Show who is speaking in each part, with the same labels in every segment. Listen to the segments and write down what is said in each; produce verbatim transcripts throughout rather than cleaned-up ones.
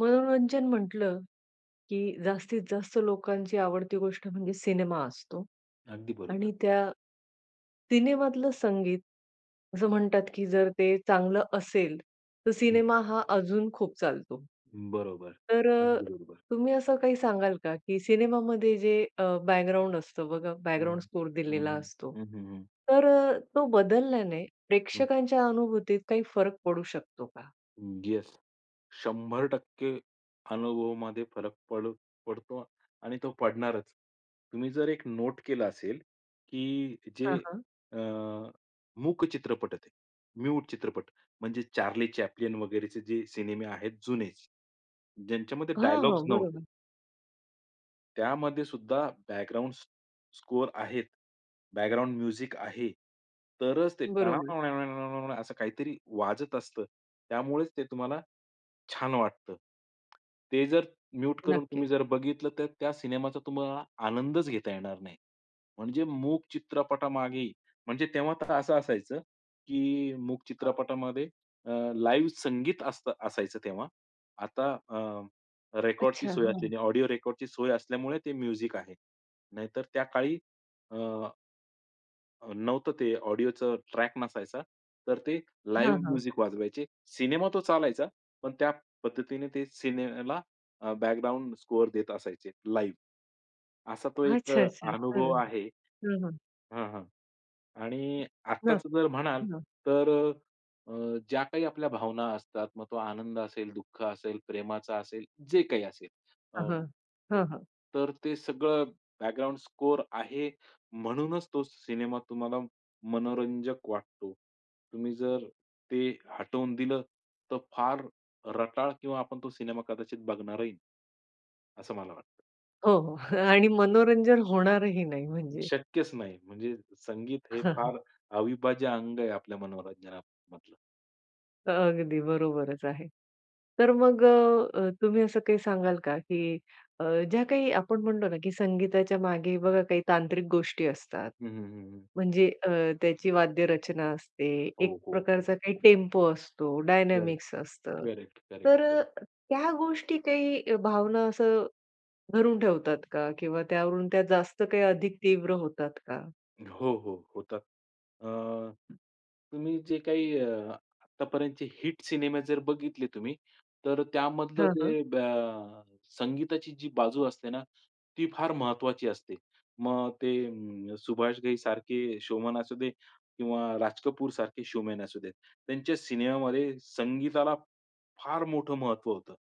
Speaker 1: मनोरंजन म्हंटलं, की जास्तीत जास्त लोकांची आवडती गोष्ट म्हणजे सिनेमा असतो.
Speaker 2: अगदी बरोबर.
Speaker 1: आणि त्या सिनेमातलं संगीत असं म्हणतात, की जर ते चांगलं असेल तर
Speaker 2: हं.
Speaker 1: सिनेमा हा अजून खूप चालतो.
Speaker 2: बरोबर.
Speaker 1: तर अ,
Speaker 2: अगदी बरोबर.
Speaker 1: तुम्ही असं काही सांगाल का? की सिनेमामध्ये जे अ, बॅकग्राऊंड असतं बघा
Speaker 2: हं.
Speaker 1: बॅकग्राऊंड स्कोर
Speaker 2: हं,
Speaker 1: दिलेला
Speaker 2: हं.
Speaker 1: असतो.
Speaker 2: हं, हं, हं
Speaker 1: तर अ, तो बदलल्याने
Speaker 2: हं.
Speaker 1: प्रेक्षकांच्या अनुभूतीत काही फरक पडू शकतो का?
Speaker 2: हं. येस. शंभर टक्के अनुभवामध्ये फरक पड पडतो आणि तो पडणारच. तुम्ही जर एक नोट केलं असेल, की, जे,
Speaker 1: हां, हां.
Speaker 2: अ, मूक चित्रपट आहेत ते, म्यूट चित्रपट म्हणजे चार्ली चॅप्लिन वगैरेचे जे सिनेमे आहेत जुनेच, ज्यांच्यामध्ये
Speaker 1: हां, हो.
Speaker 2: डायलॉग्स नव्हते
Speaker 1: बरोबर.
Speaker 2: त्यामध्ये सुद्धा बॅकग्राउंड स्क स्कोर आहेत, बॅकग्राउंड म्युझिक आहे, तरच ते
Speaker 1: बरोबर.
Speaker 2: असं काहीतरी वाजत असतं, त्यामुळेच ते तुम्हाला, छान वाटतं. ते जर म्यूट करून
Speaker 1: नक्की.
Speaker 2: तुम्ही जर बघितलं, तर त्या सिनेमाचा तुम्हाला आनंदच घेता येणार नाही. म्हणजे मूक चित्रपटामागे ही, म्हणजे तेव्हा तर असं असायचं, की मूक
Speaker 1: हां.
Speaker 2: चित्रपटामध्ये अ, लाईव्ह संगीत असतं असायचं तेव्हा आता अ, रेकॉर्डची
Speaker 1: अच्छा.
Speaker 2: सोय
Speaker 1: हां.
Speaker 2: असलेली ऑडिओ रेकॉर्डची सोय असल्यामुळे ते म्युझिक आहे. नाहीतर त्या काळी, अ अ, नव्हतं ते ऑडिओचं ट्रॅक नसायचा. तर ते
Speaker 1: हां,
Speaker 2: लाईव्ह
Speaker 1: हां.
Speaker 2: म्युझिक वाजवायचे, सिनेमा तो चालायचा. पण त्या पद्धतीने ते सिनेअला अ, बॅकग्राऊंड स्कोर देत असायचे, लाईव्ह. असा तो एक अ,
Speaker 1: अच्छा, अच्छा.
Speaker 2: अनुभव
Speaker 1: खरं.
Speaker 2: आहे.
Speaker 1: हां, हां.
Speaker 2: हां, हां. आणि
Speaker 1: हां.
Speaker 2: आत्ताच जर म्हणाल
Speaker 1: हो ना.
Speaker 2: तर अ, अ, ज्या काही आपल्या भावना असतात. मग तो आनंद असेल, दुःख असेल, प्रेमाचा असेल, जे काही असेल अ,
Speaker 1: हां, हां.
Speaker 2: अ,
Speaker 1: हां, हां.
Speaker 2: तर ते सगळं बॅकग्राउंड स्कोर आहे, म्हणूनच तो सिनेमा तुम्हाला मनोरंजक वाटतो. तुम्ही जर ते हटवून दिलं, तर फार रटाळ किंवा आपण तो सिनेमा कदाचित बघणारही नाही. असं मला वाटतं.
Speaker 1: हो, हो. आणि मनोरंजन होणारही नाही म्हणजे.
Speaker 2: शक्यच नाही. म्हणजे संगीत हे फार अविभाज्य अंग आहे आपल्या मनोरंजनामधलं.
Speaker 1: अगदी बरोबरच आहे. तर मग अ, तुम्ही असं काही सांगाल का? की अ, ज्या काही आपण म्हणतो ना, की संगीताच्या मागे बघा काही तांत्रिक गोष्टी असतात.
Speaker 2: हं, हं, हं, हं.
Speaker 1: म्हणजे अ, त्याची वाद्य रचना असते,
Speaker 2: हो,
Speaker 1: एक
Speaker 2: हो, हो,
Speaker 1: प्रकारचा काही
Speaker 2: हो, हो.
Speaker 1: टेम्पो असतो,
Speaker 2: करेक्ट.
Speaker 1: डायनामिक्स असतं.
Speaker 2: करेक्ट, करेक्ट,
Speaker 1: तर अ,
Speaker 2: करेक्ट.
Speaker 1: त्या गोष्टी काही भावना असं धरून ठेवतात का? किंवा त्यावरून त्या जास्त काही अधिक तीव्र होतात का?
Speaker 2: हो, हो. होतात. अ, तुम्ही जे काही अ, आत्तापर्यंतचे हिट सिनेमे जर बघितले तुम्ही, तर त्यामधलं
Speaker 1: हां, हां.
Speaker 2: ते बॅ संगीताची जी बाजू असते ना ती फार महत्त्वाची असते. मग ते अं, सुभाष घईसारखे शोमॅन असू दे किंवा राज कपूरसारखे शोमॅन असू देत. त्यांच्या सिनेमामध्ये संगीताला, फार मोठं महत्त्व होतं.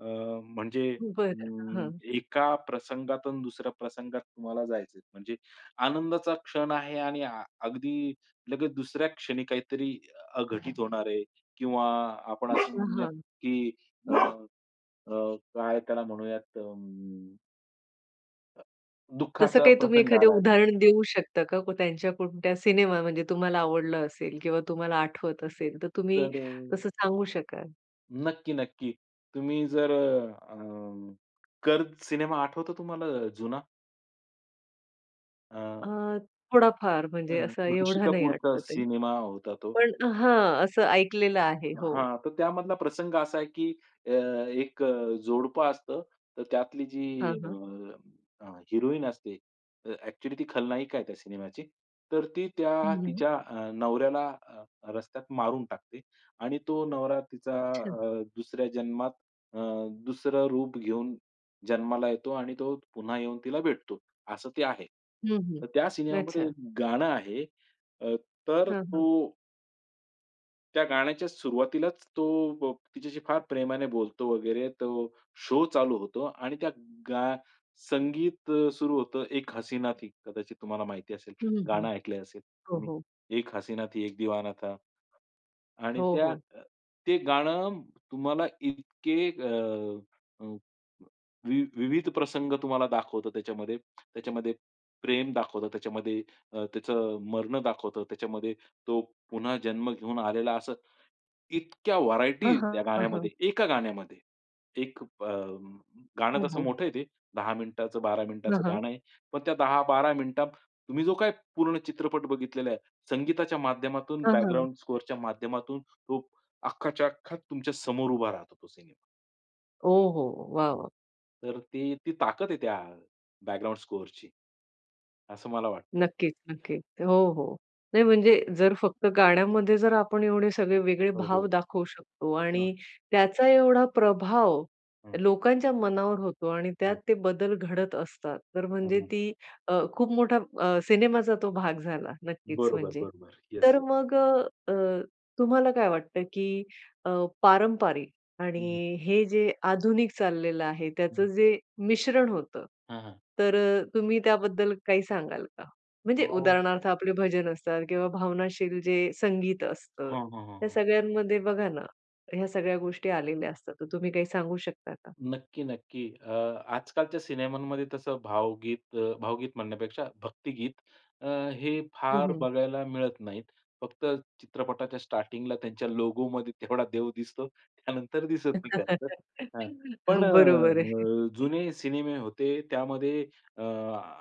Speaker 2: अ, म्हणजे
Speaker 1: बरं.
Speaker 2: अं,
Speaker 1: हां.
Speaker 2: एका प्रसंगातून दुसऱ्या प्रसंगात तुम्हाला जायचंय, म्हणजे आनंदाचा क्षण आहे आणि अगदी लगेच दुसऱ्या क्षणी काहीतरी अघटित होणार आहे. किंवा आपण असं
Speaker 1: अ,
Speaker 2: म्हणूयात,
Speaker 1: हां.
Speaker 2: की अ, अ काय त्याला म्हणूयात, तर अं अ,
Speaker 1: तसं
Speaker 2: दुःखाचा
Speaker 1: काही तुम्ही
Speaker 2: प्रसंग आला
Speaker 1: एखादं
Speaker 2: आहे.
Speaker 1: उदाहरण देऊ शकता का, को त्यांच्या कोणत्या सिनेमा म्हणजे तुम्हाला आवडला असेल किंवा तुम्हाला आठवत असेल तर तुम्ही
Speaker 2: तर अ
Speaker 1: तसं सांगू शकाल?
Speaker 2: नक्की, नक्की. तुम्ही जर अ, अ, कर्ज सिनेमा आठवतो तुम्हाला अ, जुना? अ
Speaker 1: अ, थोडाफार
Speaker 2: अ,
Speaker 1: म्हणजे असा
Speaker 2: ऋषी
Speaker 1: एवढा नाही
Speaker 2: कपूरचा
Speaker 1: आठवत आहे.
Speaker 2: सिनेमा होता तो.
Speaker 1: पण हां, असं ऐकलेलं आहे हो.
Speaker 2: हां, तर त्यामधला प्रसंग असा आहे की अ, एक अ, जोडपं असतं. तर त्यातली जी
Speaker 1: हां,
Speaker 2: अ,
Speaker 1: हां.
Speaker 2: अ, हिरोईन असते अ, ॲक्चुअली ती खलनायिका आहे त्या सिनेमाची. तर ती
Speaker 1: हं,
Speaker 2: त्या
Speaker 1: हं.
Speaker 2: तिच्या अ, नवऱ्याला अ, रस्त्यात मारून टाकते आणि तो नवरा तिचा
Speaker 1: अच्छा.
Speaker 2: अ, दुसऱ्या जन्मात अ, दुसरं रूप घेऊन जन्माला येतो आणि तो पुन्हा येऊन तिला भेटतो असं ते आहे.
Speaker 1: हं, हं.
Speaker 2: तर त्या सिनेमामध्ये
Speaker 1: अच्छा.
Speaker 2: एक गाणं आहे, अ, तर
Speaker 1: हां, हां.
Speaker 2: तो त्या गाण्याच्या सुरुवातीलाच तो अ, तिच्याशी फार प्रेमाने बोलतो वगैरे तो शो चालू होतो आणि त्या गा संगीत अ, सुरू होतं. एक हसीना थी कदाचित तुम्हाला माहिती असेल,
Speaker 1: हं, हं.
Speaker 2: गाणं ऐकलं असेल
Speaker 1: हो,
Speaker 2: तुम्ही,
Speaker 1: हो.
Speaker 2: एक हसीना थी, एक दीवाना था, आणि
Speaker 1: हो,
Speaker 2: त्या
Speaker 1: हो.
Speaker 2: अ, ते गाणं तुम्हाला इतके अ, अ, वि विविध प्रसंग तुम्हाला दाखवतात त्याच्यामध्ये. त्याच्यामध्ये प्रेम दाखवतं, त्याच्यामध्ये अ, त्याचं मरणं दाखवतं, त्याच्यामध्ये तो पुन्हा जन्म घेऊन आलेला असं, इतक्या
Speaker 1: हां,
Speaker 2: व्हरायटी
Speaker 1: हां,
Speaker 2: त्या
Speaker 1: हां,
Speaker 2: गाण्यामध्ये,
Speaker 1: हां.
Speaker 2: एका गाण्यामध्ये. एक अ, गाणं
Speaker 1: हो,
Speaker 2: तसं
Speaker 1: हो.
Speaker 2: मोठं आहे ते दहा मिनिटाचं, बारा
Speaker 1: हं,
Speaker 2: मिनिटाचं
Speaker 1: हं.
Speaker 2: गाणं आहे, पण त्या दहा-बारा मिनिटांत तुम्ही जो काही पूर्ण चित्रपट बघितलेला आहे संगीताच्या माध्यमातून,
Speaker 1: हां, हां.
Speaker 2: बॅकग्राउंड स्कोरच्या माध्यमातून तो अख्खाच्या अख्खा तुमच्या समोर उभा राहतो, तो सिनेमा.
Speaker 1: ओहो! वाह!
Speaker 2: हो.
Speaker 1: वाह!
Speaker 2: तर ती ती ताकद आहे त्या बॅकग्राऊंड स्कोरची. असं मला वाटतं.
Speaker 1: नक्कीच, नक्की. हो, हो. नाही म्हणजे जर फक्त गाण्यामध्ये जर आपण एवढे सगळे वेगळे
Speaker 2: हो,
Speaker 1: भाव
Speaker 2: हो.
Speaker 1: दाखवू शकतो
Speaker 2: हां.
Speaker 1: आणि त्याचा एवढा प्रभाव
Speaker 2: हं.
Speaker 1: लोकांच्या मनावर होतो आणि त्यात
Speaker 2: हं.
Speaker 1: ते बदल घडत असतात. तर
Speaker 2: हं,
Speaker 1: म्हणजे
Speaker 2: हं.
Speaker 1: ती अ, खूप मोठा अ, सिनेमाचा तो भाग झाला नक्कीच
Speaker 2: बरोबर,
Speaker 1: म्हणजे.
Speaker 2: बरोबर. येस,
Speaker 1: तर
Speaker 2: ये
Speaker 1: मग अ, अ, तुम्हाला काय वाटतं, की अ, पारंपारिक
Speaker 2: हं.
Speaker 1: आणि हे जे आधुनिक चाललेलं आहे त्याचं
Speaker 2: हं.
Speaker 1: जे मिश्रण होतं.
Speaker 2: हं, हं.
Speaker 1: तर तुम्ही त्याबद्दल काही सांगाल का? म्हणजे
Speaker 2: हो.
Speaker 1: उदाहरणार्थ आपले भजन असतात किंवा भावनाशील जे संगीत असतं,
Speaker 2: हां, हां, हां,
Speaker 1: ह्या
Speaker 2: हां.
Speaker 1: सगळ्यांमध्ये बघा ना ह्या सगळ्या गोष्टी आलेल्या असतात, तर तुम्ही काही सांगू शकता का?
Speaker 2: नक्की, नक्की. अ, आजकालच्या सिनेमांमध्ये तसं भावगीत अ, भावगीत म्हणण्यापेक्षा भक्तिगीत अ, हे
Speaker 1: हं,
Speaker 2: फार
Speaker 1: हं.
Speaker 2: बघायला मिळत नाहीत. फक्त चित्रपटाच्या स्टार्टिंगला त्यांच्या लोगोमध्ये तेवढा देव दिसतो. त्यानंतर दिसत नाही खर तर. हां, पण अ,
Speaker 1: हं. बरोबर आहे.
Speaker 2: अ, जुने सिनेमे होते त्यामध्ये अ,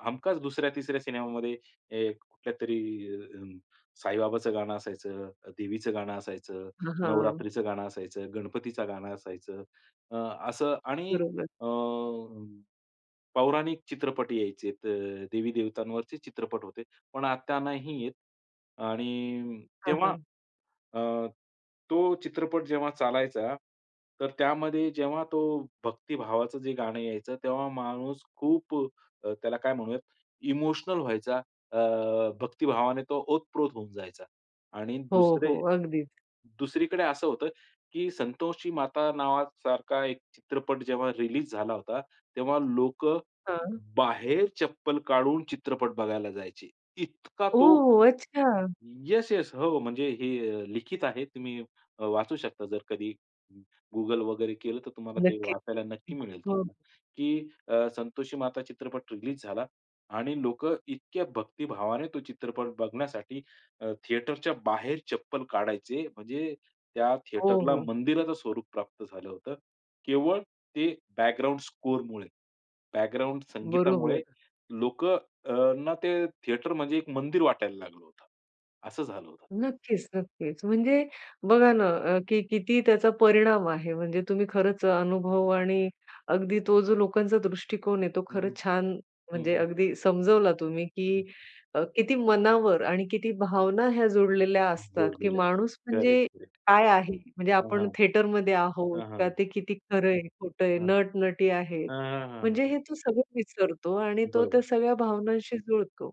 Speaker 2: हमखास दुसऱ्या, तिसऱ्या सिनेमामध्ये हे कुठल्यातरी साईबाबाचं गाणं असायचं, देवीचं गाणं असायचं,
Speaker 1: हं. हां.
Speaker 2: नवरात्रीचं गाणं असायचं, गणपतीचं गाणं असायचं. अ, असं आणि
Speaker 1: बरोबर.
Speaker 2: अ, पौराणिक चित्रपट यायचेत अ, देवी-देवतांवरचे चित्रपट होते. पण आता नाही येत. आणि
Speaker 1: हां,
Speaker 2: तेव्हा
Speaker 1: हां.
Speaker 2: अ, तो चित्रपट जेव्हा चालायचा, तर त्यामध्ये जेव्हा तो भक्तिभावाचं जे गाणं यायचं तेव्हा माणूस खूप अ, त्याला काय म्हणूयात? इमोशनल व्हायचा अ, भक्तिभावाने तो ओतप्रोत होऊन जायचा. आणि
Speaker 1: हो,
Speaker 2: दुसरे,
Speaker 1: हो. अगदीच.
Speaker 2: दुसरीकडे असं होतं, की संतोषी माता नावासारखा एक चित्रपट जेव्हा रिलीज झाला होता. तेव्हा लोकं,
Speaker 1: हां.
Speaker 2: बाहेर चप्पल काढून चित्रपट बघायला जायचे. इतका तो
Speaker 1: ओह! अच्छा.
Speaker 2: येस-येस हो, म्हणजे हे अ, लिखित आहे. तुम्ही वाचू शकता जर कधी Google वगैरे केलं. तर तुम्हाला ते
Speaker 1: नक्कीच.
Speaker 2: वाचायला नक्की मिळेल
Speaker 1: हो.
Speaker 2: तुम्हाला की अ, संतोषी माता चित्रपट रिलीज झाला आणि लोकं इतक्या भक्तिभावाने तो चित्रपट बघण्यासाठी अ, थिएटरच्या बाहेर चप्पल काढायचे. म्हणजे त्या
Speaker 1: हो,
Speaker 2: थिएटरला
Speaker 1: हो.
Speaker 2: मंदिराचं स्वरूप प्राप्त झालं होतं. केवळ ते बॅकग्राउंड स्कोरमुळे. बॅकग्राउंड संगीतामुळे
Speaker 1: बरोबर.
Speaker 2: लोकंना ते थिएटर म्हणजे एक मंदिर वाटायला लागलं होतं. असं झालं होतं.
Speaker 1: नक्कीच, नक्कीच. म्हणजे बघा ना अ, की किती त्याचा परिणाम आहे. म्हणजे तुम्ही खरंच अनुभव आणि अगदी तो जो लोकांचा दृष्टिकोन आहे तो
Speaker 2: हं,
Speaker 1: खरंच छान!
Speaker 2: हं, हं,
Speaker 1: म्हणजे
Speaker 2: हं.
Speaker 1: अगदी समजवला तुम्ही,
Speaker 2: हं.
Speaker 1: की अ, किती मनावर आणि किती भावना ह्या जोडलेल्या असतात, की
Speaker 2: जोडलेले असतात.
Speaker 1: माणूस म्हणजे
Speaker 2: करेक्ट, करेक्ट.
Speaker 1: काय आहे? म्हणजे
Speaker 2: हां, हां.
Speaker 1: आपण थिएटरमध्ये आहोत
Speaker 2: हां,
Speaker 1: का
Speaker 2: हां.
Speaker 1: ते किती खरं आहे खोटं आहे
Speaker 2: हां.
Speaker 1: नट-नटी आहेत.
Speaker 2: हां, हां,
Speaker 1: म्हणजे
Speaker 2: हां.
Speaker 1: हे तो सगळं विसरतो आणि तो त्या
Speaker 2: बरोबर.
Speaker 1: सगळ्या भावनांशी जुळतो.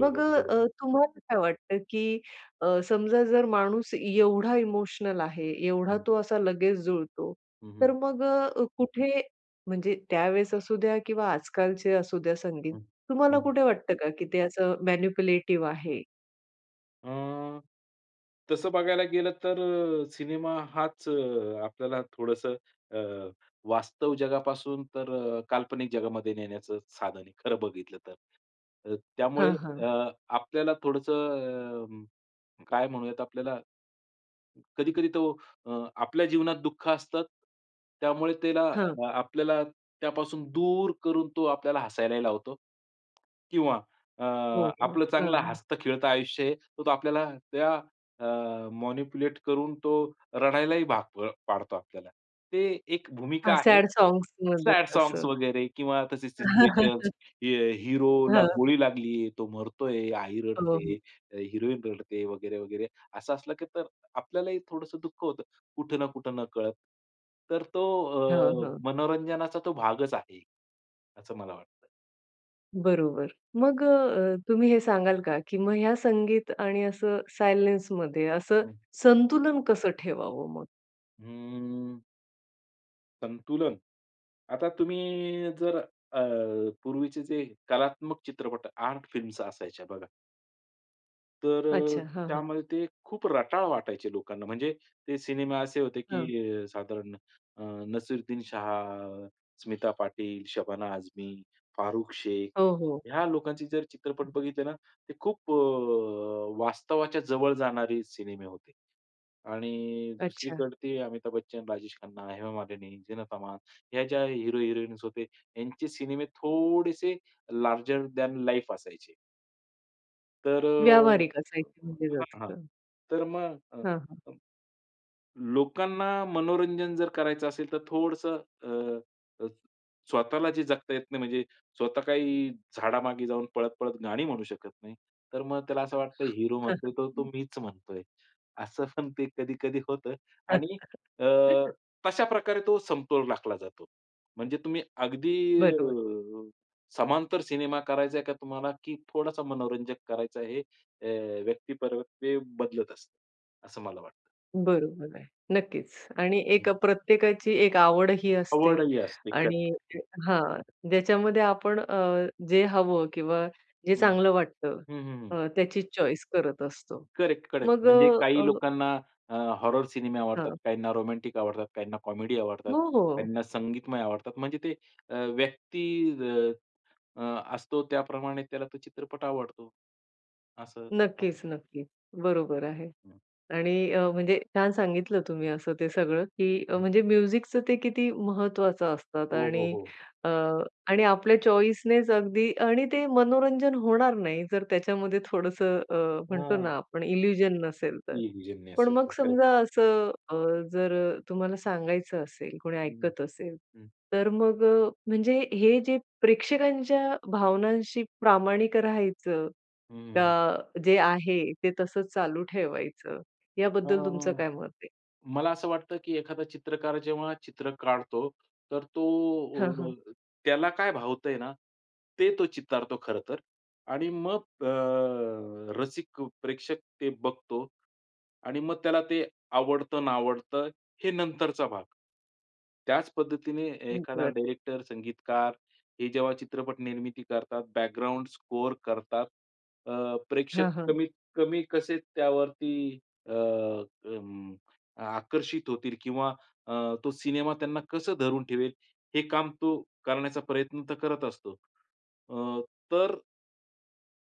Speaker 1: मग अ,
Speaker 2: बरोबर.
Speaker 1: तुम्हाला काय वाटतं? की अ, समजा जर माणूस एवढा इमोशनल आहे, एवढा
Speaker 2: हं.
Speaker 1: तो असा लगेच जुळतो.
Speaker 2: हं,
Speaker 1: तर
Speaker 2: हं.
Speaker 1: मग अ, कुठे म्हणजे त्यावेळेस असू द्या किंवा आजकालचे असू द्या संगीत,
Speaker 2: हं.
Speaker 1: तुम्हाला
Speaker 2: हं.
Speaker 1: कुठे वाटतं का, की ते असं मॅनिप्युलेटिव्ह आहे?
Speaker 2: अ, तसं बघायला गेलं, तर सिनेमा हाच अ, आपल्याला थोडंसं अ, वास्तव जगापासून तर काल्पनिक जगामध्ये नेण्याचं साधन आहे, खरं बघितलं तर. अ, त्यामुळे
Speaker 1: हां,
Speaker 2: अ,
Speaker 1: हां.
Speaker 2: आपल्याला थोडंसं अ, काय म्हणूयात आपल्याला, कधी-कधी तो अ, आपल्या जीवनात दुःख असतात, त्यामुळे त्याला
Speaker 1: हां.
Speaker 2: आपल्याला त्यापासून दूर करून तो आपल्याला हसायलाही लावतो. किंवा अ,
Speaker 1: हो, हो.
Speaker 2: आपलं चांगलं
Speaker 1: हां.
Speaker 2: हसतं खेळतं आयुष्य आहे, तर तो आपल्याला त्या अ, मॅनिप्युलेट करून तो रडायलाही भाग अ, पाडतो आपल्याला. ते एक भूमिका
Speaker 1: हां.
Speaker 2: आहे,
Speaker 1: सॅड सांग्समध्ये
Speaker 2: सॅड
Speaker 1: असं.
Speaker 2: सांग्स वगैरे किंवा तशी सिच्युएशन्स, हे
Speaker 1: हं,
Speaker 2: हिरोला
Speaker 1: हं.
Speaker 2: गोळी लागली, तो मरतोय, आई
Speaker 1: हो,
Speaker 2: रडते,
Speaker 1: हो.
Speaker 2: अ, हिरोइन रडते वगैरे, वगैरे असं असलं, की तर आपल्यालाही थोडंसं दुःख होतं कुठं ना कुठं, न कळत. तर तो
Speaker 1: हां,
Speaker 2: अ,
Speaker 1: हां.
Speaker 2: मनोरंजनाचा तो भागच आहे, असं मला वाटतं.
Speaker 1: बरोबर. मग अ, अ, तुम्ही हे सांगाल का, की मग ह्या संगीत आणि असं सायलेन्समध्ये असं
Speaker 2: हं.
Speaker 1: संतुलन कसं ठेवावं मग?
Speaker 2: हम्म. संतुलन. आता तुम्ही जर अ, पूर्वीचे जे कलात्मक चित्रपट, आर्ट फिल्म्स असायच्या बघा. तर अ,
Speaker 1: अच्छा. हां, हां.
Speaker 2: त्यामध्ये ते खूप रटाळ वाटायचे लोकांना. म्हणजे ते सिनेमे असे होते,
Speaker 1: हां.
Speaker 2: की साधारण अ, नसीरुद्दीन शाह, स्मिता पाटील, शबाना आझमी, फारुख शेख
Speaker 1: हो, हो.
Speaker 2: ह्या लोकांचे जर चित्रपट बघितले ना, ते खूप अ, वास्तवाच्या जवळ जाणारे सिनेमे होते. आणि
Speaker 1: अच्छा.
Speaker 2: दुसरीकडे ते अमिताभ बच्चन, राजेश खन्ना, हेमा मालिनी, झीनत अमान ह्या ज्या हीरो हिरोइन्स होते, यांचे सिनेमे थोडेसे लार्जर दॅन लाईफ असायचे. तर
Speaker 1: व्यावहारिक
Speaker 2: अ,
Speaker 1: असायचे, म्हणजे
Speaker 2: हां,
Speaker 1: जास्त.
Speaker 2: हां. तर मग अ,
Speaker 1: हां, हां.
Speaker 2: अ, लोकांना मनोरंजन जर करायचं असेल तर थोडंसं अ, अ, स्वतःला जे जगता येत नाही, म्हणजे स्वतः काही झाडामागे जाऊन पळत, पळत गाणी म्हणू शकत नाही, तर मग त्याला असं वाटतं हीरो म्हणतोय तर तो मीच म्हणतोय. असं पण ते कधी-कधी होतं. आणि अ, तशाप्रकारे तो समतोल राखला जातो. म्हणजे तुम्ही अगदी
Speaker 1: बरोबर.
Speaker 2: अ, समांतर सिनेमा करायचा आहे का तुम्हाला? की थोडंसं मनोरंजक करायचं, हे अ, व्यक्तिपर ते बदलत असतं, असं मला वाटतं.
Speaker 1: बरोबर आहे. नक्कीच. आणि
Speaker 2: हं.
Speaker 1: एक प्रत्येकाची एक आवडही असते.
Speaker 2: आवडही असते.
Speaker 1: आणि
Speaker 2: करेक्ट.
Speaker 1: अ, हां. ज्याच्यामध्ये आपण अ, जे हवं किंवा जे
Speaker 2: हं.
Speaker 1: चांगलं वाटतं,
Speaker 2: हं, हं, हं.
Speaker 1: अ, त्याची चॉईस करत असतो.
Speaker 2: Correct, correct.
Speaker 1: मग अ,
Speaker 2: म्हणजे काही
Speaker 1: अ
Speaker 2: लोकांना, अ, हॉरर सिनेमे आवडतात,
Speaker 1: हां.
Speaker 2: काहींना रोमॅंटिक आवडतात, काहींना कॉमेडी आवडतात,
Speaker 1: हो, हो.
Speaker 2: काहींना संगीतमय आवडतात. म्हणजे ते अ, व्यक्ती अ, अ, असतो त्याप्रमाणे त्याला तो चित्रपट आवडतो. असं. हां.
Speaker 1: नक्कीच, नक्कीच. बरोबर आहे.
Speaker 2: हं.
Speaker 1: आणि अ, म्हणजे छान सांगितलं तुम्ही असं ते सगळं, की
Speaker 2: हं.
Speaker 1: म्हणजे म्युझिकचं ते किती महत्त्वाचं असतात.
Speaker 2: हो, हो,
Speaker 1: आणि
Speaker 2: हो.
Speaker 1: अ, आणि आपल्या चॉईसनेच अगदी. आणि ते मनोरंजन होणार नाही जर त्याच्यामध्ये थोडंसं अ, म्हणतो
Speaker 2: हां.
Speaker 1: ना आपण इल्युजन नसेल तर.
Speaker 2: ये म्युझिक
Speaker 1: पण
Speaker 2: नसेल
Speaker 1: मग
Speaker 2: तर करतं.
Speaker 1: समजा असं अ, जर तुम्हाला सांगायचं असेल, कोणी
Speaker 2: हं.
Speaker 1: ऐकत असेल.
Speaker 2: हं.
Speaker 1: तर मग अ, म्हणजे हे जे प्रेक्षकांच्या भावनांशी प्रामाणिक राहायचं
Speaker 2: हं, हं.
Speaker 1: का? जे आहे ते तसंच चालू ठेवायचं.
Speaker 2: अ,
Speaker 1: याबद्दल तुमचं काय मत आहे?
Speaker 2: मला असं वाटतं, की एखादा चित्रकार जेव्हा चित्र काढतो, तर तो
Speaker 1: हां, हां.
Speaker 2: अ, त्याला काय भावतंय ना, ते तो चितारतो खरं तर. आणि मग अ, रसिक प्रेक्षक ते बघतो आणि मग त्याला ते आवडतं-नावडतं, हे नंतरचा भाग. त्याच पद्धतीने ए
Speaker 1: हं.
Speaker 2: एखादा
Speaker 1: बरं.
Speaker 2: डायरेक्टर, संगीतकार हे जेव्हा चित्रपट निर्मिती करतात, बॅकग्राउंड स्कोर करतात अ, प्रेक्षक
Speaker 1: हां, हां.
Speaker 2: कमीत कमी कसे त्यावरती अ, अं, आकर्षित होतील किंवा अ, तो सिनेमा त्यांना कसं धरून ठेवेल, हे काम तो करण्याचा प्रयत्न तर करत असतो. अ, तर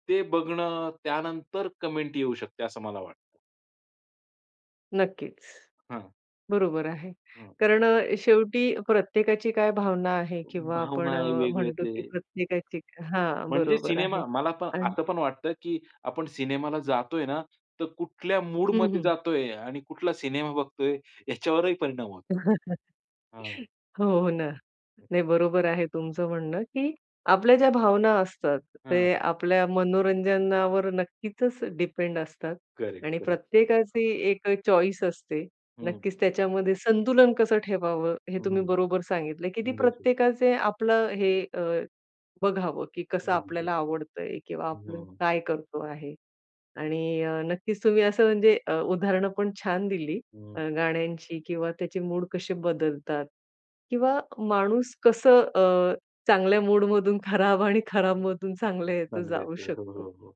Speaker 2: ते बघणं, त्यानंतर कमेन्ट येऊ शकते, असं मला वाटतं.
Speaker 1: नक्कीच.
Speaker 2: हां.
Speaker 1: बरोबर आहे.
Speaker 2: हां.
Speaker 1: कारण अ, शेवटी प्रत्येकाची काय भावना आहे किंवा
Speaker 2: भावना
Speaker 1: आपण
Speaker 2: आहे
Speaker 1: अ,
Speaker 2: वेगळं
Speaker 1: म्हणतो की
Speaker 2: ते.
Speaker 1: प्रत्येकाची हा
Speaker 2: म्हणजे
Speaker 1: बरोबर
Speaker 2: सिनेमा,
Speaker 1: आहे.
Speaker 2: मला पण
Speaker 1: आणि
Speaker 2: आता पण वाटतं की आपण सिनेमा ला जातो आहे ना तर, कुठल्या मूड
Speaker 1: हं,
Speaker 2: मध्ये
Speaker 1: हं.
Speaker 2: जातो आहे आणि कुठला सिनेमा बघतो आहे याच्यावरही परिणाम होतो. हां
Speaker 1: हो, हो ना. नाही बरोबर आहे तुमचं म्हणणं की आपल्या ज्या भावना असतात
Speaker 2: हां.
Speaker 1: ते आपल्या मनोरंजनावर नक्कीचच डिपेंड असतात
Speaker 2: करेक्ट,
Speaker 1: आणि
Speaker 2: करेक्ट.
Speaker 1: प्रत्येकाची एक चॉईस असते.
Speaker 2: हं.
Speaker 1: नक्कीच त्याच्यामध्ये संतुलन कसं ठेवावं हे तुम्ही
Speaker 2: हं.
Speaker 1: बरोबर सांगितलं की ती
Speaker 2: गेट इट.
Speaker 1: प्रत्येकाचे आपलं हे अ, बघावं की कसं
Speaker 2: [unintelligible]
Speaker 1: आपल्याला आवडतं आहे किंवा आपलं
Speaker 2: हं.
Speaker 1: काय करतो आहे. आणि अ, नक्कीच तुम्ही असं म्हणजे अ, उदाहरणं पण छान दिली
Speaker 2: हं.
Speaker 1: अ, गाण्यांची किंवा त्याचे मूड कसे बदलतात किंवा माणूस कसं अ, चांगल्या मूड मधून खराब आणि खराब मधून चांगल्या यात
Speaker 2: चांगल्या
Speaker 1: जाऊ
Speaker 2: आहेत. हो,
Speaker 1: शकतो.
Speaker 2: हो, हो.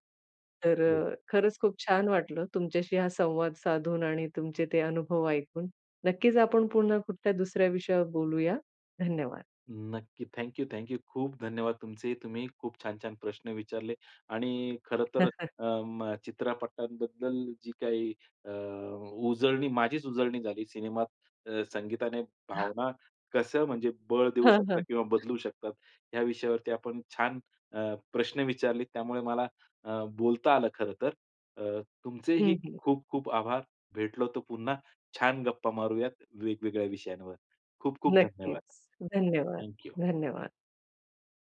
Speaker 1: तर
Speaker 2: येस.
Speaker 1: खरंच खूप छान वाटलं तुमच्याशी हा संवाद साधून आणि तुमचे ते अनुभव ऐकून नक्कीच आपण पुन्हा कुठल्या दुसऱ्या विषयावर बोलूया. धन्यवाद.
Speaker 2: नक्की. Thank you, thank you. खूप धन्यवाद तुमचे तुम्ही खूप छान-छान प्रश्न विचारले आणि खरंतर अ, म, चित्रपटांबद्दल जी काही अ, उजळणी माझीच उजळणी झाली सिनेमात संगीताने, भावना कसं म्हणजे बळ देऊ
Speaker 1: हां,
Speaker 2: शकता
Speaker 1: हां.
Speaker 2: किंवा बदलू शकतात या विषयावरती आपण छान अ, प्रश्न विचारले, त्यामुळे मला अ, बोलता आलं खरं तर. अ, तुमचेही
Speaker 1: हं, हं.
Speaker 2: खूप खूप आभार भेटलो तर पुन्हा छान गप्पा मारूयात, वेगवेगळ्या विषयांवर. खूप-खूप धन्यवाद.
Speaker 1: नक्कीच. धन्यवाद,
Speaker 2: थॅंक यू.
Speaker 1: धन्यवाद.